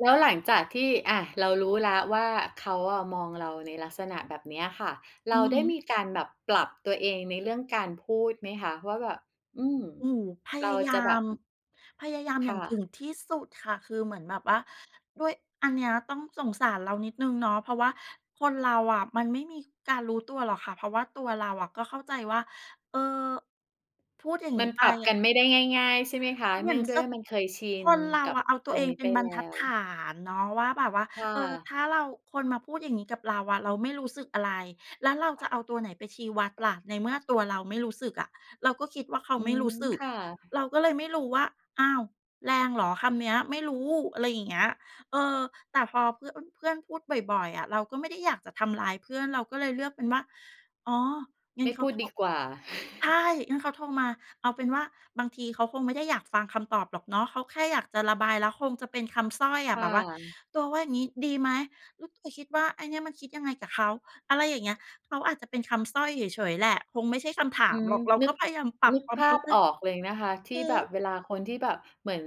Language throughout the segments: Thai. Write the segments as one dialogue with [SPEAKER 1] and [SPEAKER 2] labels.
[SPEAKER 1] แล้วหลังจากที่ อะ เรารู้แล้วว่า เขาอะมองเราในลักษณะแบบเนี้ยค่ะ เ
[SPEAKER 2] อื
[SPEAKER 1] รา
[SPEAKER 2] อ
[SPEAKER 1] ได
[SPEAKER 2] ฮ
[SPEAKER 1] ้
[SPEAKER 2] ึ
[SPEAKER 1] มีการแบบปรับตัวเองในเรื่องการพูดไหมคะ? ว่าแบบ อืม
[SPEAKER 2] อืม พ
[SPEAKER 1] เ
[SPEAKER 2] ย
[SPEAKER 1] ร
[SPEAKER 2] า
[SPEAKER 1] า
[SPEAKER 2] ยา
[SPEAKER 1] จะแบ
[SPEAKER 2] ม
[SPEAKER 1] บ
[SPEAKER 2] พยายาม
[SPEAKER 1] ค
[SPEAKER 2] อย่า
[SPEAKER 1] ่
[SPEAKER 2] งถ
[SPEAKER 1] ะ
[SPEAKER 2] ึงที่สุดค่ะ คือเหมือนแบบว่า ด้วย อันเนี้ยต้องสงสารเรานิดหนึ่งเนาะ เพราะว่าคนเราอะมันไม่มีการรู้ตัวหรอกค่ะ เพราะว่าตัวเราอะก็เข้าใจว่า เออ พูดอย่าง
[SPEAKER 1] ม
[SPEAKER 2] งี
[SPEAKER 1] ั
[SPEAKER 2] ้
[SPEAKER 1] น
[SPEAKER 2] ไป
[SPEAKER 1] ปรับ
[SPEAKER 2] อ
[SPEAKER 1] ก
[SPEAKER 2] ะ
[SPEAKER 1] ันไม่ได้ง่าย ๆ ใช่ไหมคะ?
[SPEAKER 2] เหม
[SPEAKER 1] เน
[SPEAKER 2] ื
[SPEAKER 1] ื
[SPEAKER 2] อ
[SPEAKER 1] ่อ
[SPEAKER 2] น
[SPEAKER 1] งด้
[SPEAKER 2] จ
[SPEAKER 1] วย
[SPEAKER 2] ะ
[SPEAKER 1] ว่ามันเคยชิ
[SPEAKER 2] ค
[SPEAKER 1] น
[SPEAKER 2] นเรา
[SPEAKER 1] กับ
[SPEAKER 2] อะเอาตั
[SPEAKER 1] ต
[SPEAKER 2] ว
[SPEAKER 1] ร
[SPEAKER 2] เอ
[SPEAKER 1] ง
[SPEAKER 2] ง
[SPEAKER 1] นี้
[SPEAKER 2] เป็
[SPEAKER 1] ไป
[SPEAKER 2] นบร
[SPEAKER 1] แ
[SPEAKER 2] ร
[SPEAKER 1] ล้
[SPEAKER 2] ทัดฐ
[SPEAKER 1] ว
[SPEAKER 2] านเนาะว่า แบบว่า
[SPEAKER 1] ค่ะ
[SPEAKER 2] เออ ถ้าเรา คนมาพูดอย่างนี้กับเราอะ เราไม่รู้สึกอะไร แล้วเราจะเอาตัวไหนไปชี้วัดล่ะ ในเมื่อตัวเราไม่รู้สึกอะ เราก็คิดว่าเขา
[SPEAKER 1] อื
[SPEAKER 2] ไม่
[SPEAKER 1] ม
[SPEAKER 2] รู้สึ
[SPEAKER 1] ค
[SPEAKER 2] ก
[SPEAKER 1] ่ะ
[SPEAKER 2] เราก็เลยไม่รู้ว่า "อ้าว แรงเหรอคำเนี้ย? ไม่รู้" อะไรอย่างเงี้ย เออ แต่พอเพื่อน เพื่อนพูดบ่อย ๆ อะ เราก็ไม่ได้อยากจะทำร้ายเพื่อน เราก็เลยเลือกเป็นว่า อ๋อ งั
[SPEAKER 1] ไ
[SPEAKER 2] ้
[SPEAKER 1] ม
[SPEAKER 2] น
[SPEAKER 1] ่
[SPEAKER 2] เข
[SPEAKER 1] พ
[SPEAKER 2] า
[SPEAKER 1] ูด
[SPEAKER 2] โทร
[SPEAKER 1] ดีกว่า
[SPEAKER 2] ใช่ งั้นเขาโทรมา เอาเป็นว่า บางทีเขาคงไม่ได้อยากฟังคำตอบหรอกเนาะ เขาแค่อยากจะระบาย แล้วคงจะเป็นคำสร้อยอ
[SPEAKER 1] ค
[SPEAKER 2] ะ
[SPEAKER 1] ่
[SPEAKER 2] แบบว่า
[SPEAKER 1] ะ
[SPEAKER 2] "ตัวว่าอย่างงี้ดีไหม? อ ตัวคิดว่า ไอ้เนี่ยมันคิดยังไงกับเขา?" อะไรอย่างเงี้ย เขาอาจจะเป็นคำสร้อยเฉย ๆ แหละ คงไม่ใช่คำถา
[SPEAKER 1] อื
[SPEAKER 2] ม
[SPEAKER 1] ม
[SPEAKER 2] หรอก เรา
[SPEAKER 1] นึ
[SPEAKER 2] ก็
[SPEAKER 1] ก
[SPEAKER 2] พยายามปรั
[SPEAKER 1] น
[SPEAKER 2] บ
[SPEAKER 1] ึก
[SPEAKER 2] ควา
[SPEAKER 1] ภ
[SPEAKER 2] มเข
[SPEAKER 1] า
[SPEAKER 2] ้า
[SPEAKER 1] พ
[SPEAKER 2] ใจ
[SPEAKER 1] ออกเลยนะคะ ที่
[SPEAKER 2] อือ
[SPEAKER 1] แบ
[SPEAKER 2] ฮ
[SPEAKER 1] บ
[SPEAKER 2] ึ
[SPEAKER 1] เวลาคนที่แบบเหมือน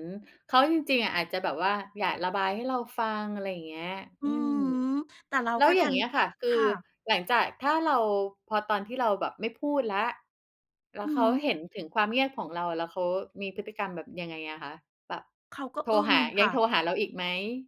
[SPEAKER 1] เขาจริง ๆ อาจจะแบบว่า อยากระบายให้เราฟัง อะไรอย่างเงี้ย
[SPEAKER 2] อื
[SPEAKER 1] อื
[SPEAKER 2] อฮึ
[SPEAKER 1] ม
[SPEAKER 2] แต่เรา
[SPEAKER 1] แล้
[SPEAKER 2] ก
[SPEAKER 1] ว
[SPEAKER 2] ็
[SPEAKER 1] อ
[SPEAKER 2] ด
[SPEAKER 1] ย่
[SPEAKER 2] ั
[SPEAKER 1] าง
[SPEAKER 2] น
[SPEAKER 1] เงี้ยค่ะ คื
[SPEAKER 2] ค
[SPEAKER 1] อ
[SPEAKER 2] ่ะ
[SPEAKER 1] หลังจาก ถ้าเรา พอตอนที่เราแบบไม่พูดแล้ว แล้
[SPEAKER 2] อ
[SPEAKER 1] ว
[SPEAKER 2] ือ
[SPEAKER 1] เข
[SPEAKER 2] ฮ
[SPEAKER 1] า
[SPEAKER 2] ึ
[SPEAKER 1] เห็นถึงความเงียบของเรา แล้วเขามีพฤติกรรมแบบยังไงอะคะ? แบบ
[SPEAKER 2] เขาก็
[SPEAKER 1] โทร
[SPEAKER 2] อึ้
[SPEAKER 1] ห
[SPEAKER 2] ง
[SPEAKER 1] า
[SPEAKER 2] ค
[SPEAKER 1] ยั
[SPEAKER 2] ่
[SPEAKER 1] งโ
[SPEAKER 2] ะ
[SPEAKER 1] ทรหาเราอีกไหม?